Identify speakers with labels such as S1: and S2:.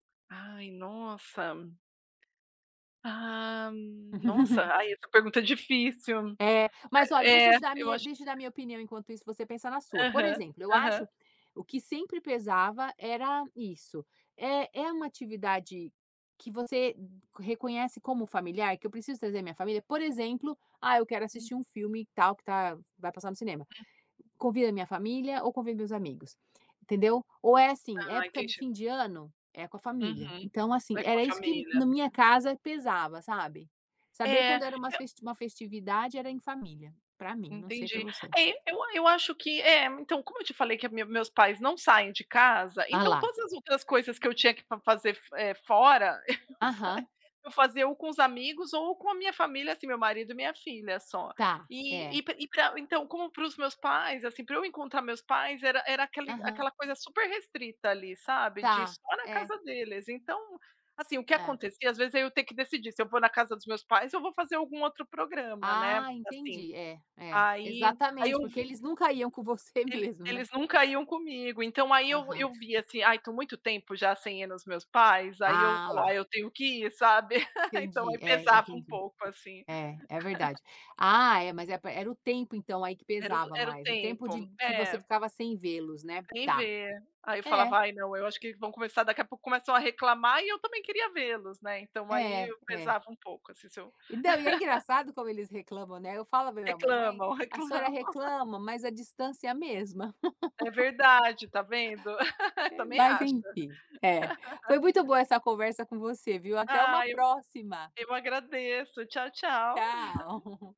S1: Ai, nossa. Ah, nossa, ai essa pergunta é difícil.
S2: É, mas olha deixa
S1: É,
S2: eu te dar a
S1: eu
S2: minha
S1: acho que
S2: deixa eu dar a minha opinião enquanto isso você pensa na sua. Por
S1: Aham,
S2: exemplo eu
S1: aham.
S2: acho o que sempre pesava era isso, é é uma atividade que você reconhece como familiar, que eu preciso trazer minha família? Por exemplo, ah, eu quero assistir um filme tal que tá, vai passar no cinema. Convida minha família ou convida meus amigos, entendeu? Ou é assim,
S1: Ah,
S2: época do
S1: entendi.
S2: fim de ano, é com a família.
S1: Uhum,
S2: Então assim,
S1: é com a
S2: era isso que
S1: família.
S2: na minha casa pesava, sabe? Saber
S1: É,
S2: quando era umas
S1: eu
S2: festi uma festividade era em família, pra mim, não sei pra
S1: Entendi.
S2: você.
S1: É, eu a eu acho que é, então como eu te falei que a minha meu meus pais não saem de casa,
S2: Ah
S1: então
S2: lá.
S1: todas as outras coisas que eu tinha que fa fazer, eh, fora, eu fa
S2: Aham.
S1: eu fazia ou com os amigos ou com a minha família, assim, meu marido e minha filha só.
S2: Tá,
S1: E
S2: é.
S1: e pa e pra então como pros meus pais, assim, pra eu encontrar meus pais era era aquele
S2: Aham.
S1: aquela coisa super restrita, ali, sabe, de
S2: Tá,
S1: só na
S2: é.
S1: casa deles, então, assim, o que
S2: É.
S1: acontecia às vezes, eu ter que decidir se eu vou na casa dos meus pais ou vou fazer algum outro programa, né?
S2: Ah,
S1: Assim.
S2: entendi é é
S1: Aí aí eu
S2: exatamente porque
S1: vi
S2: eles nunca iam com você
S1: Ele
S2: mesmo né?
S1: eles nunca iam comigo, então aí eu
S2: Aham.
S1: eu via assim, ai tô muito tempo já sem ir nos meus pais? Aí eu
S2: Ah
S1: falo:
S2: lá.
S1: "Ai, eu tenho que ir", sabe? Então aí
S2: Entendi, é
S1: pesava um
S2: entendi.
S1: pouco assim.
S2: É é verdade. Ah é mas é pa era o tempo então aí que
S1: Era o
S2: pesava
S1: era o
S2: mais, o tempo de
S1: tempo,
S2: que você
S1: é.
S2: ficava sem vê-los né?
S1: Sem
S2: Tá.
S1: ver. Aí eu
S2: É.
S1: falava: "Ai, não, eu acho que vão começar daqui a pouco", começam a reclamar e eu também queria vê-los, né? Então, aí
S2: É,
S1: eu
S2: é.
S1: pesava um pouco, assim, se eu
S2: E não, e é engraçado como eles reclamam, né? Eu falo para a minha mãe, mãe,
S1: Reclamam,
S2: a senhora
S1: reclamam.
S2: reclama mas a distância é a mesma.
S1: É verdade, tá vendo?
S2: É,
S1: Também
S2: mas
S1: acho.
S2: enfim é foi muito boa essa conversa com você viu até uma
S1: Ai, eu
S2: próxima.
S1: eu agradeço. Tchau, tchau.
S2: Tchau.